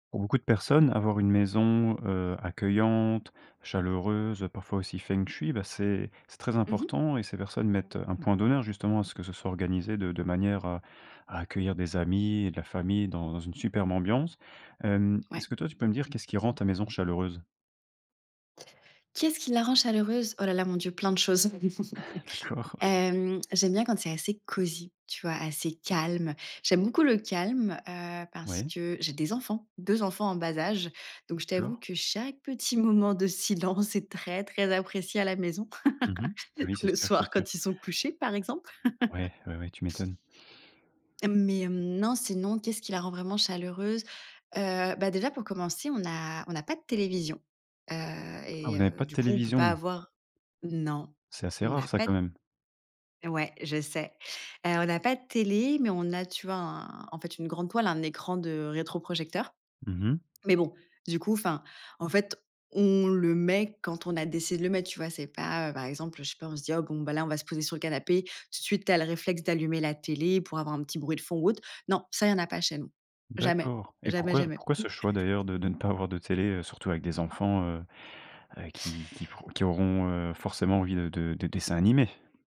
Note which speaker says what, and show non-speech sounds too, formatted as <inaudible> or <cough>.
Speaker 1: Pour beaucoup de personnes, avoir une maison, heu, accueillante, chaleureuse, parfois aussi feng shui, bah, c'est c'est très
Speaker 2: Mmh mh.
Speaker 1: important et ces personnes mettent, heu, un point d'honneur justement à ce que ce soit organisé de de manière à à accueillir des amis, de la famille dans une superbe ambiance. Hem,
Speaker 2: Ouais.
Speaker 1: est-ce que toi, tu peux me dire qu'est-ce qui rend ta maison chaleureuse?
Speaker 2: Qu'est-ce qui la rend chaleureuse? Oh là là, mon Dieu, plein de choses. <chuckles>
Speaker 1: D'accord, OK.
Speaker 2: Hem, j'aime bien quand c'est assez cosy, tu vois, assez calme. J'aime beaucoup le calme, heu, parce
Speaker 1: Ouais.
Speaker 2: que j'ai des enfants, 2 enfants en bas âge. Donc, je t'avoue
Speaker 1: D'accord.
Speaker 2: que chaque petit moment de silence est très, très apprécié à la maison,
Speaker 1: Mmh mh. Oui,
Speaker 2: <laughs>
Speaker 1: c'est
Speaker 2: le
Speaker 1: sûr, c'est
Speaker 2: soir
Speaker 1: sûr.
Speaker 2: quand ils sont couchés, par exemple.
Speaker 1: Ouais, ouais ouais, tu m'étonnes.
Speaker 2: <laughs> Hem, mais, hem, non, sinon, qu'est ce qui la rend vraiment chaleureuse? Heu, bah déjà, pour commencer, on n'a on n'a pas de télévision, heu,
Speaker 1: Ah vous
Speaker 2: et
Speaker 1: n'avez
Speaker 2: heu,
Speaker 1: pas de
Speaker 2: du coup, on peut pas
Speaker 1: télévision?
Speaker 2: avoir non,
Speaker 1: C'est assez
Speaker 2: on
Speaker 1: rare
Speaker 2: a
Speaker 1: ça
Speaker 2: pas
Speaker 1: quand
Speaker 2: d
Speaker 1: même.
Speaker 2: Ouais, je sais, heu, on a pas de télé, mais on a, tu vois un en fait une grande toile, un écran de rétroprojecteur.
Speaker 1: Mmh mh.
Speaker 2: Mais bon, du coup, enfin, en fait, on le met quand on a décidé de le mettre tu vois? C'est pas, heu, par exemple, heu, je sais pas on se dit: «Bon bah, là, on va se poser sur le canapé», tout de suite tu as le réflexe d'allumer la télé pour avoir un petit bruit de fond ou autre. Non, ça, il y en a pas chez nous. Jamais,
Speaker 1: D'accord. Et
Speaker 2: jamais,
Speaker 1: pourquoi
Speaker 2: jamais.
Speaker 1: pourquoi ce choix d'ailleurs de de ne pas avoir de télé, heu, surtout avec des enfants, heu heu, qui qui feront qui auront, heu, forcément envie de de de dessins animés?